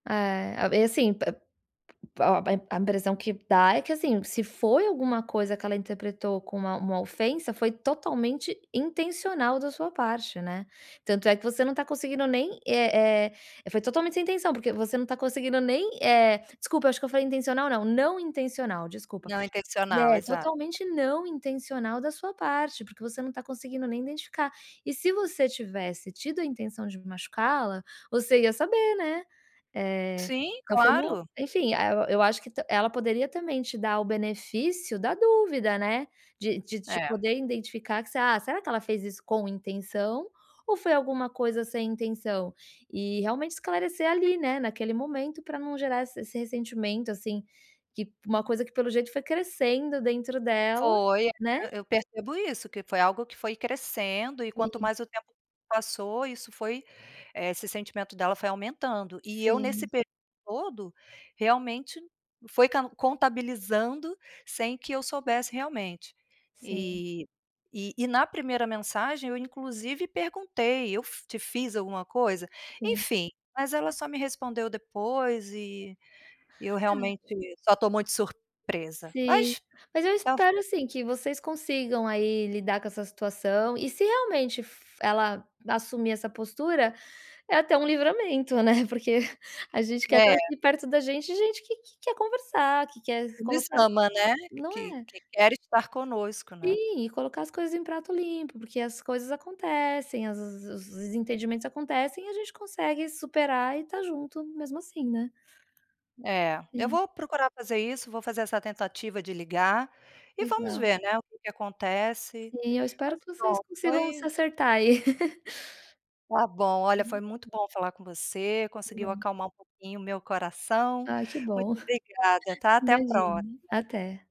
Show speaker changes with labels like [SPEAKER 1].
[SPEAKER 1] É, e assim, p p pa ó, a impressão que dá é que assim, se foi alguma coisa que ela interpretou como uma uma ofensa, foi totalmente intencional da sua parte, né? Tanto é que você não está conseguindo nem, eh eh, foi totalmente sem intenção, porque você não está conseguindo nem, eh desculpa, eu acho que eu falei intencional, não, não intencional, desculpa,
[SPEAKER 2] Não intencional,
[SPEAKER 1] é
[SPEAKER 2] exato.
[SPEAKER 1] totalmente não intencional da sua parte porque você não está conseguindo nem identificar. E se você tivesse tido a intenção de machucá-la, você ia saber, né. É,
[SPEAKER 2] Sim,
[SPEAKER 1] então foi uma
[SPEAKER 2] claro.
[SPEAKER 1] enfim, eh, eu acho que tam ela poderia também te dar o benefício da dúvida, né. De de de
[SPEAKER 2] É.
[SPEAKER 1] poder identificar que você “Ah, será que ela fez isso com intenção ou foi alguma coisa sem intenção?”. E realmente esclarecer ali, né, naquele momento, para não gerar esse esse ressentimento assim, que uma coisa que pelo jeito foi crescendo dentro dela,
[SPEAKER 2] Foi, eh,
[SPEAKER 1] né.
[SPEAKER 2] eu percebo isso, que foi algo que foi crescendo e, quanto
[SPEAKER 1] Sim.
[SPEAKER 2] mais o tempo passou, isso foi, eh, esse sentimento dela foi aumentando. E eu, nesse
[SPEAKER 1] Sim.
[SPEAKER 2] período todo, realmente foi can contabilizando sem que eu soubesse, realmente.
[SPEAKER 1] Sim.
[SPEAKER 2] E e e na primeira mensagem eu inclusive perguntei: “Eu fi te fiz alguma coisa?”.
[SPEAKER 1] Sim.
[SPEAKER 2] Enfim, mas ela só me respondeu depois e eu
[SPEAKER 1] Ah.
[SPEAKER 2] realmente só estou muito surpresa,
[SPEAKER 1] Sim,
[SPEAKER 2] mas.
[SPEAKER 1] mas eu espero,
[SPEAKER 2] [unintelligible]
[SPEAKER 1] assim, que vocês consigam aí lidar com essa situação e, se realmente fo ela assumir essa postura, é até um livramento, né. Porque a gente quer estar
[SPEAKER 2] É.
[SPEAKER 1] aqui perto da gente, gente que quer conversar, que quer
[SPEAKER 2] Que nos
[SPEAKER 1] colocar
[SPEAKER 2] ama, né.
[SPEAKER 1] não
[SPEAKER 2] Que
[SPEAKER 1] é?
[SPEAKER 2] que quer estar conosco, né.
[SPEAKER 1] Sim, e colocar as coisas em pratos limpos, porque as coisas acontecem, as os desentendimentos acontecem e a gente consegue superar e estar junto mesmo assim, né.
[SPEAKER 2] É, eu
[SPEAKER 1] Sim.
[SPEAKER 2] vou procurar fazer isso, vou fazer essa tentativa de ligar, e vamos
[SPEAKER 1] Legal.
[SPEAKER 2] ver, né, o que que acontece.
[SPEAKER 1] Sim, eu espero
[SPEAKER 2] Mas
[SPEAKER 1] que vocês
[SPEAKER 2] pronto,
[SPEAKER 1] consigam se
[SPEAKER 2] foi
[SPEAKER 1] acertar aí.
[SPEAKER 2] Está bom olha foi
[SPEAKER 1] Hum.
[SPEAKER 2] muito bom falar com você,
[SPEAKER 1] Que
[SPEAKER 2] conseguiu
[SPEAKER 1] bom.
[SPEAKER 2] acalmar um pouquinho o meu coração,
[SPEAKER 1] Ah que
[SPEAKER 2] muito
[SPEAKER 1] bom.
[SPEAKER 2] obrigada tá, até a
[SPEAKER 1] Imagine.
[SPEAKER 2] próxima.
[SPEAKER 1] Até.